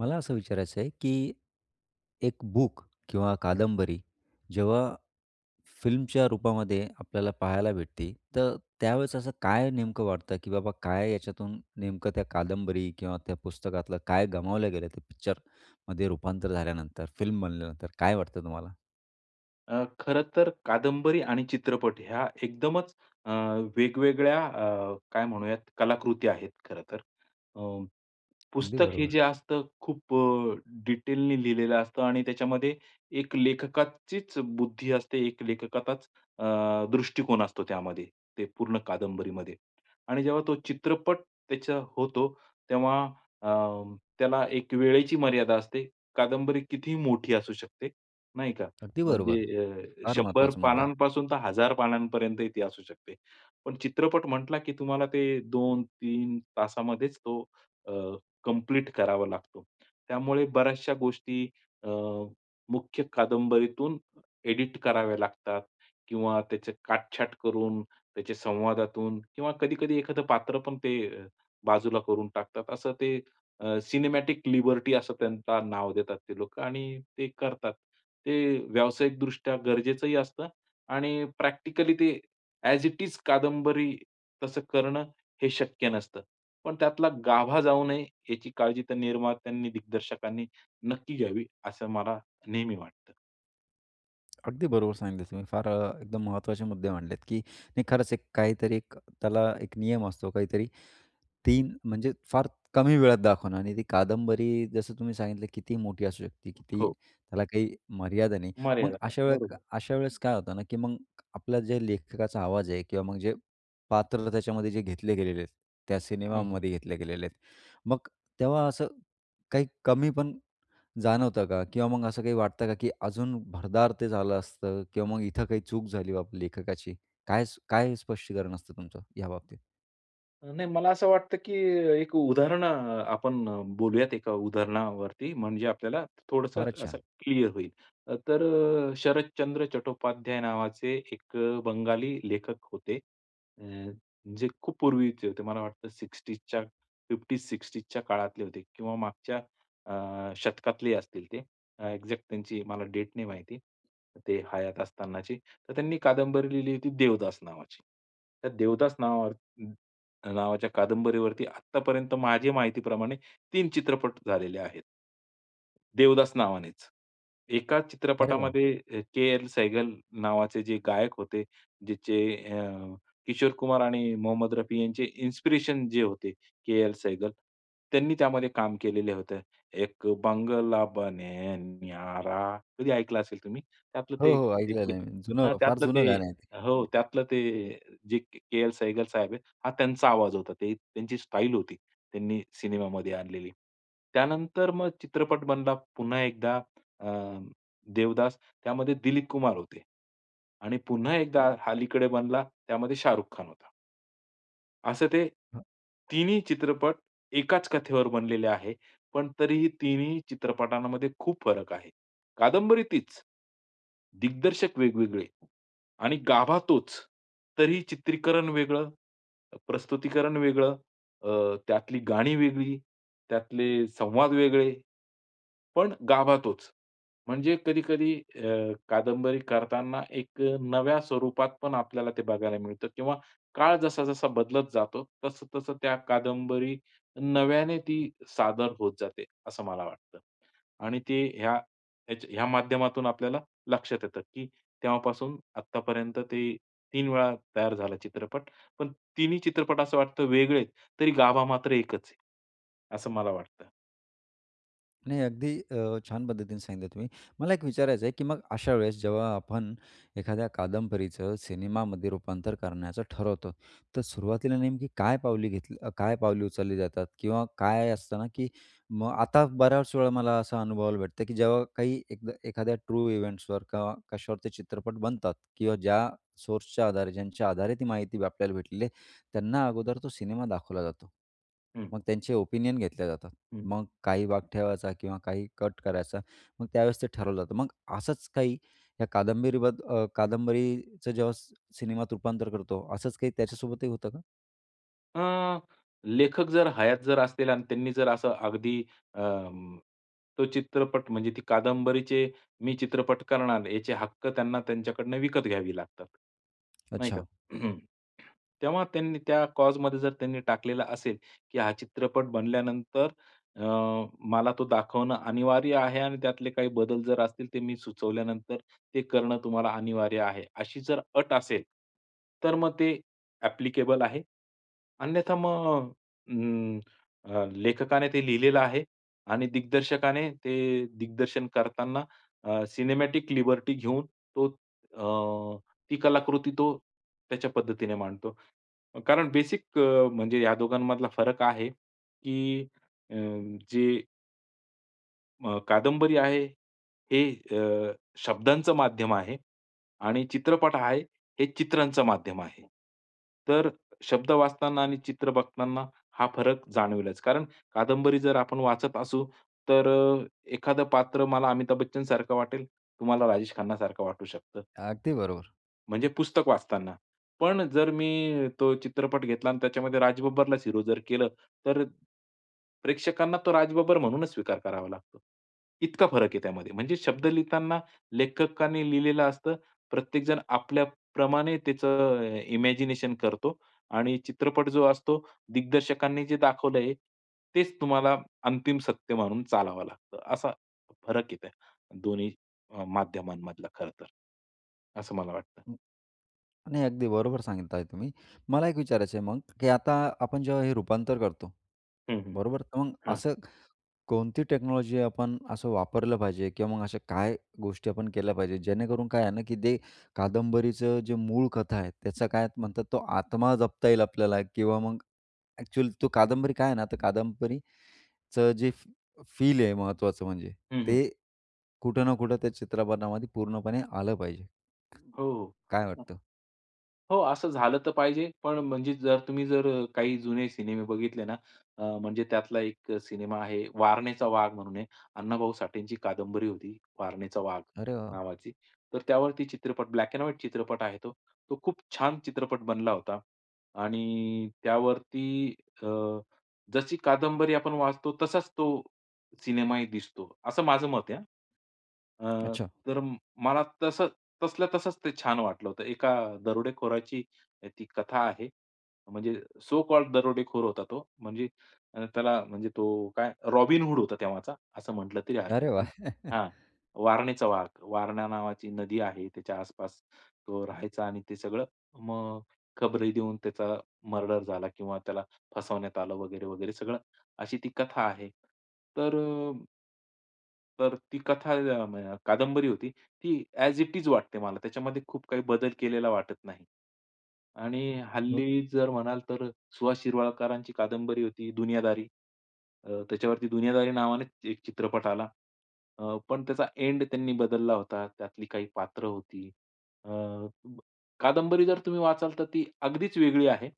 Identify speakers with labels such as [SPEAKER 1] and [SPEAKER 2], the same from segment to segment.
[SPEAKER 1] मला असं विचारायचं आहे, की 1 बुक किंवा कादंबरी, जेव्हा फिल्मच्या रूपामध्ये आपल्याला पाहायला भेटते. तर त्यावेळेस असं काय नेमकं वाटतं? की बाबा काय याच्यातून नेमकं त्या कादंबरी किंवा त्या पुस्तकातलं काय गमावलं गेलंय? ते पिक्चरमध्ये रूपांतर झाल्यानंतर, फिल्म बनल्यानंतर काय वाटतं तुम्हाला?
[SPEAKER 2] अ, खरं तर कादंबरी आणि चित्रपट ह्या एकदमच अ, वेगवेगळ्या अ, काय म्हणूयात कलाकृती आहेत, खरं तर. अ,
[SPEAKER 1] अगदी
[SPEAKER 2] पुस्तक हे
[SPEAKER 1] बरोबर.
[SPEAKER 2] जे असतं खूप अ, डिटेलनी लिहिलेलं असतं आणि त्याच्यामध्ये एक लेखकाचीच बुद्धी असते, एक लेखकाचाच अ, दृष्टिकोन असतो त्यामध्ये, ते पूर्ण कादंबरीमध्ये आणि जेव्हा तो चित्रपट त्याच होतो, तेव्हा अ, त्याला एक वेळेची मर्यादा असते. कादंबरी कितीही मोठी असू शकते, नाही का?
[SPEAKER 1] अगदी
[SPEAKER 2] म्हणजे
[SPEAKER 1] बरोबर.
[SPEAKER 2] अ,
[SPEAKER 1] फार
[SPEAKER 2] 100
[SPEAKER 1] महत्त्वाचा मुद्दा आहे.
[SPEAKER 2] पानांपासून तर 1000 पानांपर्यंतही ती असू शकते. पण चित्रपट म्हटला की तुम्हाला ते 2-3 तासामध्येच तो अ, कंप्लीट करावा लागतो. त्यामुळे बऱ्याचशा गोष्टी अ, मुख्य कादंबरीतून एडिट कराव्या लागतात किंवा त्याचे काटछाट करून त्याचे संवादातून किंवा कधी-कधी एखादं पात्र पण ते बाजूला करून टाकतात. असं ते अ, सिनेमॅटिक लिबर्टी असं त्यांचा नाव देतात ते लोकं आणि ते करतात. ते व्यावसायिकदृष्ट्या गरजेचंही असतं आणि प्रॅक्टिकली ते ॲज इट इज कादंबरी तसं करणं हे शक्य नसतं. पण त्यातला गाभा जाऊ नये याची काळजी त्या निर्मात्यांनी, दिग्दर्शकांनी नक्की घ्यावी, असं मला नेहमी वाटतं.
[SPEAKER 1] अगदी बरोबर सांगितले तुम्ही फार अ, एकदम महत्त्वाचे मुद्दे मांडलेत, की नाही खरंच एक काहीतरी एक त्याला एक नियम असतो. काहीतरी 3 म्हणजे फार कमी वेळात दाखवणं आणि ती कादंबरी जसं तुम्ही सांगितलं कितीही मोठी असू शकते, किती
[SPEAKER 2] हो.
[SPEAKER 1] त्याला काही मर्यादा नाही. मग
[SPEAKER 2] मर्यादा आहे.
[SPEAKER 1] अशा वेळ
[SPEAKER 2] बरोबर.
[SPEAKER 1] अशावेळेस काय होतं ना, की मग आपलं जे लेखकाचा आवाज आहे किंवा मग जे पात्र त्याच्यामध्ये जे घेतले गेलेले आहेत, त्या
[SPEAKER 2] हं, हं.
[SPEAKER 1] सिनेमामध्ये घेतले गेलेले आहेत. मग तेव्हा असं काही कमी पण, जाणवतं का? किंवा मग असं काही वाटतं का, की अजून भरदार ते झालं असतं किंवा मग इथं काही चूक झाली बाप लेखकाची. काय काय स्पष्टीकरण असतं तुमचं ह्या बाबतीत?
[SPEAKER 2] नाही. मला असं वाटतं, की एक उदाहरण अ, आपण बोलूयात एका उदाहरणावरती म्हणजे आपल्याला थोडंसं
[SPEAKER 1] फारच
[SPEAKER 2] असं
[SPEAKER 1] छान.
[SPEAKER 2] क्लिअर होईल, तर अ, शरदचंद्र चट्टोपाध्याय नावाचे एक अ, बंगाली लेखक होते. अ, जे खूप पूर्वीचे होते मला वाटतं 60s च्या 50-60s च्या काळातले होते किंवा मागच्या अ, शतकातले असतील ते, अ, एक्झॅक्ट त्यांची मला डेट नाही माहिती ते हयात असतानाची. तर त्यांनी कादंबरी लिहिली होती देवदास नावाची. देवदास नाव हं. नावाच्या कादंबरीवरती आत्तापर्यंत माझी माहिती प्रमाणे 3 चित्रपट झालेले आहेत. देवदास नावानेच, एका
[SPEAKER 1] अरे वाह!
[SPEAKER 2] चित्रपटामध्ये अ, के. एल. सेहगल नावाचे जे गायक होते, ज्याचे अ, किशोर कुमार आणि मोहम्मद रफी यांचे इन्स्पिरेशन जे होते के. एल. सेहगल त्यांनी त्यामध्ये काम केलेलं होतं. "एक बंगला बने न्यारा" कधी ऐकलं असेल तुम्ही. त्यातलं
[SPEAKER 1] हो,
[SPEAKER 2] ते
[SPEAKER 1] हो.
[SPEAKER 2] एक
[SPEAKER 1] ऐकलेलं आहे मी जुनं,
[SPEAKER 2] हं.
[SPEAKER 1] फार
[SPEAKER 2] त्यातलं ते
[SPEAKER 1] जुनं गाणं आहे ते.
[SPEAKER 2] हो,
[SPEAKER 1] हं.
[SPEAKER 2] त्यातलं ते जे के. एल. सेहगल साहेब आहे, हा त्यांचा आवाज होता. ते त्यांची स्टाईल होती त्यांनी सिनेमामध्ये आणलेली. त्यानंतर मग चित्रपट बनला पुन्हा एकदा अ, देवदास त्यामध्ये दिलीप कुमार होते. आणि पुन्हा एकदा अलीकडे बनला त्यामध्ये शाहरुख खान होता. असं ते,
[SPEAKER 1] हं.
[SPEAKER 2] तिन्ही चित्रपट एकाचं कथेवर बनलेले आहे. पण तरीही तिन्ही चित्रपटांमध्ये खूप फरक आहे. कादंबरी तीच, दिग्दर्शक वेगवेगळे आणि गाभा तोच, तरी चित्रीकरण वेगळं, प्रस्तुतीकरण वेगळं, अ, त्यातली गाणी वेगळी, त्यातले संवाद वेगळे, पण गाभा तोच. म्हणजे कधी-कधी अ, कादंबरी करताना एक अ, नव्या स्वरूपात पण आपल्याला ते बघायला मिळतं. किंवा काळ जसा-जसा बदलत जातो तसं-तसं त्या कादंबरी नव्याने ती सादर होत जाते, असं मला वाटतं. आणि ते ह्या ह्याच्या ह्या माध्यमातून आपल्याला लक्षात येतं, की तेव्हापासून आत्तापर्यंत ते 3 वेळा तयार झाला चित्रपट. पण तिन्ही चित्रपट असं वाटतं वेगळे आहे. तरी गाभा मात्र एकच आहे, असं मला वाटतं.
[SPEAKER 1] नाही, अगदी अ, छान पद्धतीने सांगितलं तुम्ही. मला एक विचारायचं आहे, की मग अशा वेळेस जेव्हा आपण एखाद्या कादंबरीचं सिनेमामध्ये रूपांतर करण्याचं ठरवतो, तर सुरुवातीला नेमकी काय पावली घेतली काय पावले उचलली जातात? किंवा काय असत ना, की मग आता बऱ्याच वेळा मला असा अनुभवायला भेटतं की जेव्हा काही एकदा एखाद्या ट्रू इव्हेंट्सवर का कश्यावर ते चित्रपट बनतात. किंवा ज्या सोर्सच्या आधारे, ज्यांच्या आधारे ती माहिती आपल्याला भेटलेली आहे त्यांना अगोदर तो सिनेमा दाखवला जातो.
[SPEAKER 2] हं.
[SPEAKER 1] मग त्यांचे ओपिनियन घेतले जातात.
[SPEAKER 2] हं.
[SPEAKER 1] मग काही भाग ठेवायचा किंवा काही कट करायचा मग त्यावेळेस ते ठरवलं जातं. मग अ, असंच काही या कादंबरी बद अ, कादंबरीचं जेव्हा स सिनेमात रूपांतर करतो असंच काही त्याच्यासोबतही होतं का?
[SPEAKER 2] अ, लेखक जर हयात जर असतील आणि त्यांनी जर असं अगदी, अं, तो चित्रपट, म्हणजे ती कादंबरीचे मी चित्रपट करणार, याचे हक्क त्यांना त्यांच्याकडून विकत घ्यावे लागतात, नाही का?
[SPEAKER 1] अच्छा.
[SPEAKER 2] तेव्हा त्यांनी त्या क्लॉजमध्ये जर त्यांनी टाकलेलं असेल, की हा चित्रपट बनल्यानंतर अ, मला तो दाखवणं अनिवार्य आहे आणि त्यातले काही बदल जर असतील, ते मी सुचवल्यानंतर ते करणं तुम्हाला अनिवार्य आहे, अशी जर अट असेल, तर मग ते अ‍ॅप्लिकेबल आहे. अन्यथा मग अ, अं, लेखकाने ते लिहिलेलं आहे आणि दिग्दर्शकाने ते दिग्दर्शन करताना अ, सिनेमॅटिक लिबर्टी घेऊन तो अ, ती कलाकृती तो त्याच्या पद्धतीने मांडतो. कारण बेसिक म्हणजे या दोघांमधला फरक आहे, की अ, जे अ, कादंबरी आहे, हे अ, शब्दांचं माध्यम आहे आणि चित्रपट आहे, हे चित्रांचं माध्यम आहे. तर शब्द वाचताना आणि चित्र बघताना, हा फरक जाणवलाच, कारण कादंबरी जर आपण वाचत असू, तर एखादं पात्र मला अमिताभ बच्चनसारखं वाटेल, तुम्हाला राजेश खन्नासारखं वाटू शकतं.
[SPEAKER 1] अगदी बरोबर.
[SPEAKER 2] म्हणजे पुस्तक वाचताना, पण जर मी तो चित्रपट घेतला आणि त्याच्यामध्ये राजबब्बरला हिरो जर केलं तर प्रेक्षकांना तो राजबब्बर म्हणून स्वीकार करावा लागतो. इतका फरक आहे त्यामध्ये. म्हणजे शब्द लिहिताना, लेखकांनी लिहिलेलं असतं, प्रत्येकजण आपल्याप्रमाणे त्याचं इमॅजिनेशन करतो आणि चित्रपट जो असतो, दिग्दर्शकांनी जे दाखवलंय, तेच तुम्हाला अंतिम सत्य मानून चालावं लागतं. असा फरक येत, दोन्ही अ, माध्यमांमधला खरंतर, असं मला वाटतं.
[SPEAKER 1] हं, नाही अगदी बरोबर सांगताय तुम्ही. मला एक विचारायचं आहे मग, की आता आपण जेव्हा हे रूपांतर करतो,
[SPEAKER 2] हं, हं.
[SPEAKER 1] बरोबर? तर मग
[SPEAKER 2] हां.
[SPEAKER 1] असं कोणती टेक्नॉलॉजी आपण असं वापरली पाहिजे किंवा मग अशा काय गोष्टी आपण केल्या पाहिजेत? जेणेकरून काय आहे ना, की ते कादंबरीचं जे मूळ कथा आहे, त्याचा काय म्हणतात, तो आत्मा जपता येईल आपल्याला किंवा मग ॲक्चुअल तो कादंबरी काय आहे ना, तर कादंबरीचं जे फ फील आहे महत्त्वाचं म्हणजे,
[SPEAKER 2] हं, हं.
[SPEAKER 1] ते कुठं ना कुठं त्या चित्रपटामध्ये पूर्णपणे आलं पाहिजे. क
[SPEAKER 2] हो,
[SPEAKER 1] काय
[SPEAKER 2] हो.
[SPEAKER 1] वाटतं?
[SPEAKER 2] हो, असं झालं तर पाहिजे. पण म्हणजे जर तुम्ही जर काही जुने सिनेमे बघितले ना, अ, म्हणजे त्यातला एक सिनेमा आहे, वारणेचा वाघ म्हणून आहे. अण्णाभाऊ साठेची कादंबरी होती, वारणेचा वाघ,
[SPEAKER 1] अरे वाह!
[SPEAKER 2] नावाची. तर त्यावरती चित्रपट ब्लॅक एंड व्हाइट चित्रपट आहे तो, तो खूप छान चित्रपट बनला होता आणि त्यावरती अ, जशी कादंबरी आपण वाचतो तसाच तो, सिनेमाही दिसतो. असं माझं मत आहे. हं,
[SPEAKER 1] अच्छा.
[SPEAKER 2] तर मला तसं तसल्या तसंच ते छान वाटलं होतं. एका दरोडेखोराची ती कथा आहे. म्हणजे सो कॉल्ड दरोडेखोर होता तो. म्हणजे अ, त्याला म्हणजे तो काय, रॉबिनहुड होता तेव्हाचा, असं म्हटलं तरी हरकत
[SPEAKER 1] अरे
[SPEAKER 2] नाही.
[SPEAKER 1] वाह!
[SPEAKER 2] हां, वारणेचा वाघ. वारणा नावाची नदी आहे त्याच्या आसपास तो राहायचा आणि ते सगळं मग खबरी देऊन त्याचा मर्डर झाला किंवा त्याला फसवण्यात आलं वगैरे-वगैरे सगळं अशी ती कथा आहे. तर अ तर ती कथा [unintelligible] कादंबरी होती. ती ॲज इट इज वाटते मला त्याच्यामध्ये खूप काही बदल केलेला वाटत नाही. आणि
[SPEAKER 1] मग?
[SPEAKER 2] हल्ली जर म्हणाल तर सुहास शिरवाळकरांची कादंबरी होती दुनियादारी, अ, त्याच्यावरती दुनियादारी नावाने एक चित्रपट आला. अ, पण त्याचा एंड त्यांनी बदलला होता त्यातली काही पात्र होती. अ, कादंबरी जर तुम्ही वाचाल तर ती अगदीच वेगळी आहे.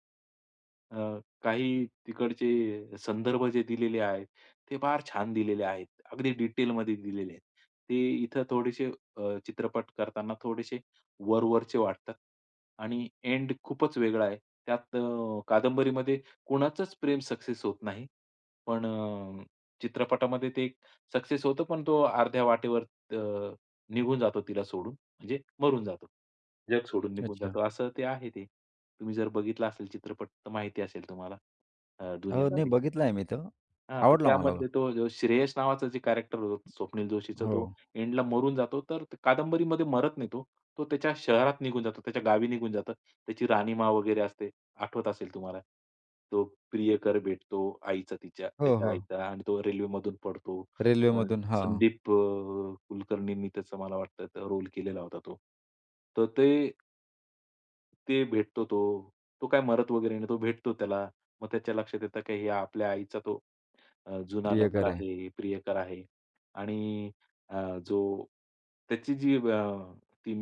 [SPEAKER 2] अ, काही तिकडचे संदर्भ जे दिलेले आहेत ते फार छान दिलेले आहेत. अगदी डिटेलमध्ये दिलेले आहेत. ते इथं थोडेसे अ, चित्रपट करताना थोडेसे वरवरचे वाटतात आणि एंड खूपच वेगळा आहे. त्यात अ, कादंबरीमध्ये कोणाचंच प्रेम सक्सेस होत नाही. पण अ, चित्रपटामध्ये ते एक सक्सेस होतं पण तो अर्ध्या वाटेवर अ, निघून जातो तिला सोडून. म्हणजे मरून जातो जग सोडून निघून
[SPEAKER 1] अच्छा.
[SPEAKER 2] जातो, असं ते आहे ते. तुम्ही जर बघितला असेल चित्रपट तर माहिती असेल तुम्हाला अ,
[SPEAKER 1] अ, नाही
[SPEAKER 2] दुनियादारी.
[SPEAKER 1] बघितला आहे मी तो.
[SPEAKER 2] हां तर
[SPEAKER 1] आवडला मला तो.
[SPEAKER 2] त्यामध्ये तो श्रेयस नावाचं जे कॅरेक्टर स्वप्नील जोशीचं तो
[SPEAKER 1] हो.
[SPEAKER 2] एंडला मरून जातो तर कादंबरीमध्ये मरत नाही तो. तो त्याच्या शहरात निघून जातो. त्याच्या गावी निघून जातो. त्याची राहणीमा वगैरे असते. आठवत असेल तुम्हाला तो प्रियकर भेटतो आईचा तिच्या
[SPEAKER 1] हो,
[SPEAKER 2] त्याचा
[SPEAKER 1] हो.
[SPEAKER 2] आईचा आणि तो रेल्वेमधून पडतो. अ,
[SPEAKER 1] रेल्वेमधून, हां.
[SPEAKER 2] संदीप कुलकर्णींनी त्याचा मला वाटतं रोल केलेला होता तो. तर ते ते भेटतो तो, तो काय मरत वगैरे नाही. तो भेटतो त्याला मग त्याच्या लक्षात येतं की आपल्या आईचा तो अ, जुना लवर
[SPEAKER 1] प्रियकर आहे.
[SPEAKER 2] आहे, प्रियकर आहे आणि अ, जो त्याची जी अ, ती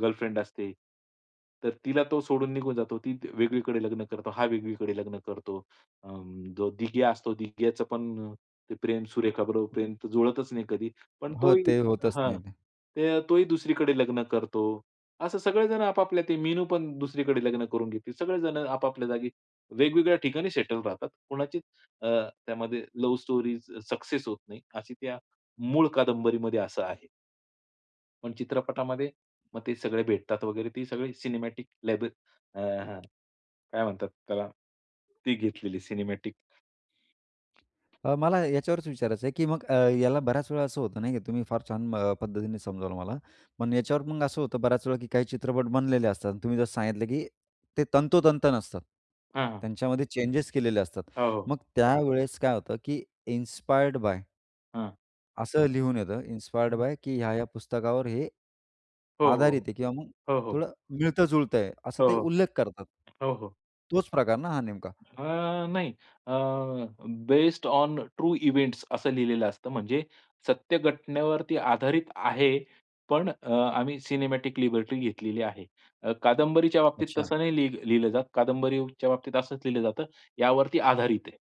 [SPEAKER 2] गर्लफ्रेंड असते, तर तिला तो सोडून निघून जातो ती वेगळीकडे लग्न करतो, हा वेगळीकडे लग्न करतो. अ, जो दिग्या असतो दिग्याचं पण प्रेम सुरेखाबरोबर प्रेम जुळतच नाही कधी. पण तो
[SPEAKER 1] हो
[SPEAKER 2] ही
[SPEAKER 1] ते होतच
[SPEAKER 2] हां.
[SPEAKER 1] नाही ते.
[SPEAKER 2] तो ही दुसरीकडे लग्न करतो. असं सगळेजण, आपापल्या मीनू पण दुसरीकडे लग्न करून घेती. सगळेजण आपापल्या जागी वेगवेगळ्या ठिकाणी सेटल राहतात. कोणाची अ, त्यामध्ये लव स्टोरी सक्सेस होत नाही अशी त्या मूळ कादंबरीमध्ये असं आहे. पण चित्रपटामध्ये मग ते सगळे भेटतात वगैरे ती सगळी सिनेमॅटिक लेबल अ, हं, काय म्हणतात त्याला, ती घेतलेली सिनेमॅटिक.
[SPEAKER 1] अ, मला याच्यावरच विचारायचं आहे, की मग अ, याला बऱ्याच वेळेला असं होत नाही की तुम्ही फार छान पद्धतीने समजावलं मला. पण याच्यावर मग असं होतं, बऱ्याच वेळा काही चित्रपट बनलेले असतात. तुम्ही जसं सांगितलं, की ते तंतोतंत नसतं.
[SPEAKER 2] हां, हां.
[SPEAKER 1] त्यांच्यामध्ये चेंजेस केलेले असतात.
[SPEAKER 2] हो, हो.
[SPEAKER 1] मग त्यावेळेस काय होतं की इन्स्पायर्ड बाय?
[SPEAKER 2] हां.
[SPEAKER 1] असं लिहून येतं इन्स्पायर्ड
[SPEAKER 2] [unintelligible]
[SPEAKER 1] बाय की ह्या ह्या पुस्तकावर हे,
[SPEAKER 2] हो, हो, हो.
[SPEAKER 1] आधारित आहे. किंवा मग
[SPEAKER 2] हो, हो.
[SPEAKER 1] थोडं मिळत-जुळतंय असं
[SPEAKER 2] हो,
[SPEAKER 1] ते
[SPEAKER 2] हो.
[SPEAKER 1] उल्लेख करतात.
[SPEAKER 2] हो, हो.
[SPEAKER 1] तोच प्रकार ना हा नेमका?
[SPEAKER 2] अ, नाही, अ, बेस्ड ओन ट्रू इव्हेंट्स असं लिहिलेलं असतं. म्हणजे सत्य घटनेवरती आधारित आहे. पण आम्ही अ, सिनेमॅटिक लिबर्टी घेतलेली आहे. अ, कादंबरीच्या बाबतीत
[SPEAKER 1] अच्छा.
[SPEAKER 2] तसं नाही लिह लिहिलं जात. कादंबरीच्या बाबतीत असंच लिहिलं जातं यावरती आधारित आहे.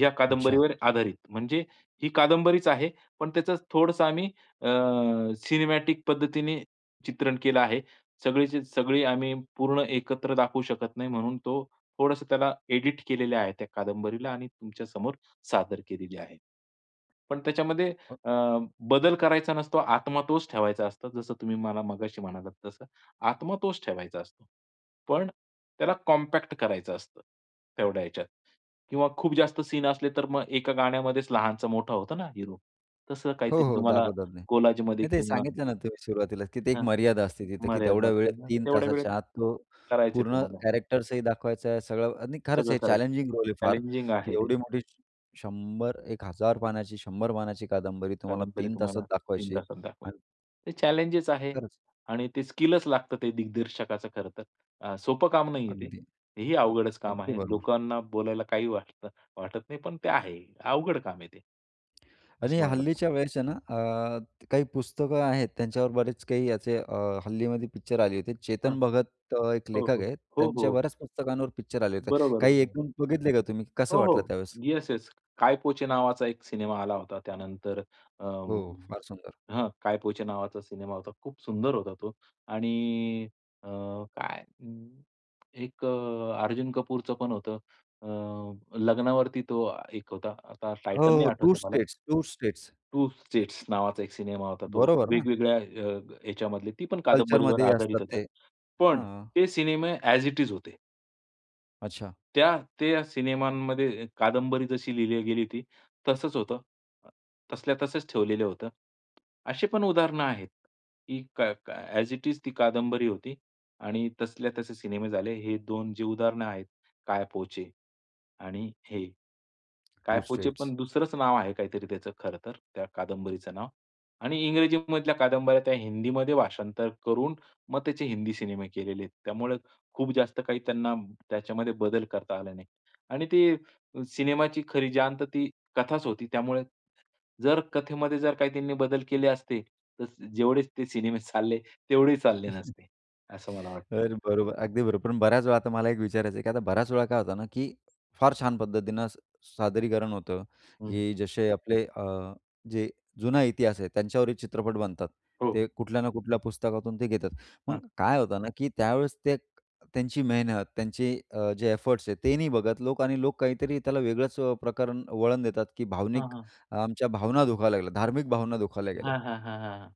[SPEAKER 2] या
[SPEAKER 1] अच्छा.
[SPEAKER 2] कादंबरीवर आधारित. म्हणजे ही कादंबरीच आहे पण त्याचं थोडंसं आम्ही अ, सिनेमॅटिक पद्धतीने चित्रण केलं आहे. सगळीच्या सगळी आम्ही पूर्ण एकत्र दाखवू शकत नाही म्हणून तो, थोडंसं त्याला एडिट केलेलं आहे त्या कादंबरीला आणि तुमच्यासमोर सादर केलेली आहे. पण त्याच्यामध्ये
[SPEAKER 1] अ.
[SPEAKER 2] अ, बदल करायचा नसतो, आत्मा तोच ठेवायचा असतो, जसं तुम्ही मला मगाशी म्हणालात तसं आत्मा तोच ठेवायचा असतो. पण त्याला कॉम्पॅक्ट करायचं असतं. तेवढ्या ह्याच्यात किंवा खूप जास्त सीन असले, तर मग एका गाण्यामध्येच लहानचा मोठा होतो ना हीरो. तसं
[SPEAKER 1] हो,
[SPEAKER 2] काहीतरी
[SPEAKER 1] हो.
[SPEAKER 2] तुम्हाला
[SPEAKER 1] दाखवतात. नाही
[SPEAKER 2] कोलाजमध्ये
[SPEAKER 1] नाही ते
[SPEAKER 2] किंवा
[SPEAKER 1] सांगितलं ना तुम्ही सुरुवातीलाच तिथे एक
[SPEAKER 2] हां,
[SPEAKER 1] मर्यादा असते. तिथं की
[SPEAKER 2] मर्यादा
[SPEAKER 1] तेवढ्या वेळेत
[SPEAKER 2] नसते ना.
[SPEAKER 1] 3
[SPEAKER 2] तेवढ्या वेळेत
[SPEAKER 1] तासाच्या आत तो
[SPEAKER 2] करायचे
[SPEAKER 1] पूर्ण
[SPEAKER 2] तुम्हाला.
[SPEAKER 1] कॅरेक्टर्सही दाखवायचा आहे. सगळं आणि खरंच
[SPEAKER 2] सगळं
[SPEAKER 1] हे
[SPEAKER 2] करायचं.
[SPEAKER 1] चॅलेंजिंग रोल आहे.
[SPEAKER 2] चॅलेंजिंग
[SPEAKER 1] फारकी
[SPEAKER 2] आहे ते.
[SPEAKER 1] एवढी मोठी 100-1000 पानाची 100 पानाची कादंबरी तुम्हाला
[SPEAKER 2] कादंबरी
[SPEAKER 1] 3 तासात
[SPEAKER 2] तुम्हाला 3
[SPEAKER 1] दाखवायची आहे.
[SPEAKER 2] तासात दाखवेल.
[SPEAKER 1] आणि
[SPEAKER 2] हे चॅलेंज आहे
[SPEAKER 1] खरंच.
[SPEAKER 2] आणि ते स्किल लागतं ते दिग्दर्शकाचं खरं तर. अ, सोपं काम नाही आहे.
[SPEAKER 1] अगदी.
[SPEAKER 2] ते ही अवघडच काम
[SPEAKER 1] अगदी
[SPEAKER 2] आहे.
[SPEAKER 1] बरोबर.
[SPEAKER 2] लोकांना बोलायला काही वाटत, वाटत नाही. पण ते आहे. अवघड काम आहे ते.
[SPEAKER 1] आणि
[SPEAKER 2] असं मला वाटतं.
[SPEAKER 1] हल्लीच्या वयाच्या ना, अ, काही पुस्तकं आहेत त्यांच्यावर बरेच काही याचे अ, हल्लीमध्ये पिक्चर आली होती.
[SPEAKER 2] हां.
[SPEAKER 1] चेतन भगत एक
[SPEAKER 2] हो,
[SPEAKER 1] लेखक
[SPEAKER 2] हो.
[SPEAKER 1] आहेत,
[SPEAKER 2] हो,
[SPEAKER 1] त्यांच्या
[SPEAKER 2] हो.
[SPEAKER 1] बऱ्याच पुस्तकांवर पिक्चर आले होते.
[SPEAKER 2] बरोबर,
[SPEAKER 1] काही
[SPEAKER 2] बरोबर.
[SPEAKER 1] एकून बघितले का तुम्ही कसं
[SPEAKER 2] हो,
[SPEAKER 1] वाटलं
[SPEAKER 2] हो.
[SPEAKER 1] त्यावेळेस?
[SPEAKER 2] Yes, yes. काय पो चे नावाचा एक सिनेमा आला होता त्यानंतर अ,
[SPEAKER 1] हो, फार सुंदर.
[SPEAKER 2] हां काय पो चे नावाचा सिनेमा होता खूप सुंदर होता तो. आणि अ, काय एक अ, अर्जुन कपूरचंपण होतं अ, लग्नावरती तो अ, एक होता. आता टायटल नाही
[SPEAKER 1] ओह 2
[SPEAKER 2] आठवत मला.
[SPEAKER 1] States, 2 states.
[SPEAKER 2] 2 स्टेट्स नावाचा एक सिनेमा होता तो.
[SPEAKER 1] बरोबर ना?
[SPEAKER 2] वेगवेगळ्या अ, ह्याच्यामधली ती पण कादंबरीवर
[SPEAKER 1] कल्चरमध्ये असतात
[SPEAKER 2] आधारित होता.
[SPEAKER 1] ते.
[SPEAKER 2] पण
[SPEAKER 1] हं.
[SPEAKER 2] ते सिनेमे ॲज इट इज होते.
[SPEAKER 1] अच्छा.
[SPEAKER 2] त्या त्या सिनेमांमध्ये कादंबरी जशी लिहिली गेली होती, तसंच होतं. अ, तसल्या तसंच ठेवलेलं होतं. असे पण उदाहरणं आहेत की काय काय ॲज इट इज ती कादंबरी होती आणि तसल्या तसे सिनेमे झाले. हे 2 जे उदाहरणं आहेत काय पोचे आणि हे, काय
[SPEAKER 1] टू
[SPEAKER 2] पोचे
[SPEAKER 1] स्टेट्स.
[SPEAKER 2] पण दुसरंच नाव आहे काहीतरी त्याचं खरंतर त्या कादंबरीचं नाव आणि इंग्रजीमधल्या कादंबऱ्या त्या हिंदीमध्ये भाषांतर करून, मग त्याचे हिंदी सिनेमे केलेले आहेत. त्यामुळे खूप जास्त काही त्यांना त्याच्यामध्ये बदल करता आला नाही आणि ते सिनेमाची खरी जान ती कथाच होती. त्यामुळे जर कथेमध्ये जर काही त्यांनी बदल केले असते, तर जेवढे ते सिनेमे चालले, तेवढेही चालले नसते, असं मला वाटतं.
[SPEAKER 1] तर बरोबर, अगदी बरोबर. पण बऱ्याच वेळा आता मला एक विचारायचं आहे की आता बऱ्याच वेळा काय होतं ना की फार छान पद्धतीने सादरीकरण होतं,
[SPEAKER 2] हं.
[SPEAKER 1] की जसे आपले अ, जे जुना इतिहास आहे त्यांच्यावरही चित्रपट बनतात,
[SPEAKER 2] हो.
[SPEAKER 1] ते कुठल्या ना कुठल्या पुस्तकातून ते घेतात. मग
[SPEAKER 2] हां.
[SPEAKER 1] काय होतं ना की त्यावेळेस ते त्यांची मेहनत, त्यांचे अ, जे एफर्ट्स आहेत ते नाही बघत लोक आणि लोक काहीतरी त्याला वेगळंच अ, प्रकरण वळण देतात की
[SPEAKER 2] हां,
[SPEAKER 1] भावनिक
[SPEAKER 2] हां.
[SPEAKER 1] अ, आमच्या भावना दुखावल्या गेल्या, धार्मिक भावना दुखावल्या गेल्या.
[SPEAKER 2] हां, हां, हां, हां, हां.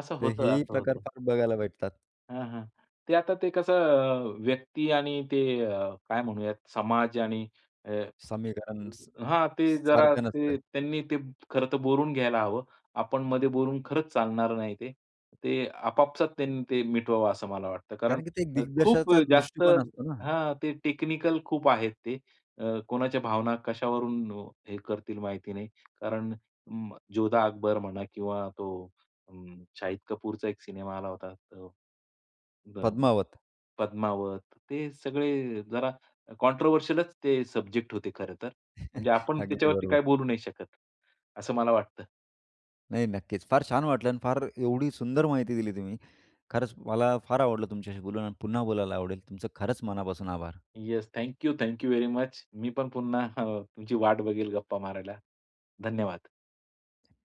[SPEAKER 2] असं
[SPEAKER 1] तर
[SPEAKER 2] होतं,
[SPEAKER 1] हेही
[SPEAKER 2] असं
[SPEAKER 1] प्रकार
[SPEAKER 2] होतं.
[SPEAKER 1] फार बघायला भेटतात.
[SPEAKER 2] हां, हां. ते आता ते कसं अ, व्यक्ती आणि ते अ, काय म्हणूयात समाज आणि अ,
[SPEAKER 1] समीकरण स
[SPEAKER 2] हां, अ, ते
[SPEAKER 1] सा
[SPEAKER 2] जरा
[SPEAKER 1] सारखं
[SPEAKER 2] ते
[SPEAKER 1] नसतं.
[SPEAKER 2] त्यांनी ते खरंतर बोलून घ्यायला हवं. आपण मध्ये बोलून खरंच चालणार नाही ते. ते आपापसात त्यांनी ते मिटवावं असं मला वाटतं. कारण
[SPEAKER 1] कारण की ते
[SPEAKER 2] अ, खूप
[SPEAKER 1] दिग्दर्शकाचा
[SPEAKER 2] अ, जास्त
[SPEAKER 1] दृष्टिकोन असतो ना.
[SPEAKER 2] हां, ते टेक्निकल खूप आहेत ते. कोणाच्या भावना कशावरून अ, हे करतील माहिती नाही. कारण अं, जोधा अकबर म्हणा किंवा तो अ, शाहिद कपूरचा एक सिनेमा आला होता तर अ, अ,
[SPEAKER 1] पद्मावत.
[SPEAKER 2] पद्मावत, ते सगळे जरा कॉंट्रोव्हर्शिअलच ते सब्जेक्ट होते खरंतर. म्हणजे आपण
[SPEAKER 1] अगदी
[SPEAKER 2] त्याच्यावरती
[SPEAKER 1] बरोबर.
[SPEAKER 2] काही बोलू नाही शकत, असं मला वाटतं.
[SPEAKER 1] नाही, नक्कीच. फार छान वाटलं. अन् फार एवढी सुंदर माहिती दिली तुम्ही. खरंच मला फार आवडलं तुमच्याशी बोलून आणि पुन्हा बोलायला आवडेल. तुमचं खरंच मनापासून आभार.
[SPEAKER 2] Yes. Thank you. Thank you very much. मी पण पुन्हा अ, तुमची वाट बघेल गप्पा मारायला. धन्यवाद.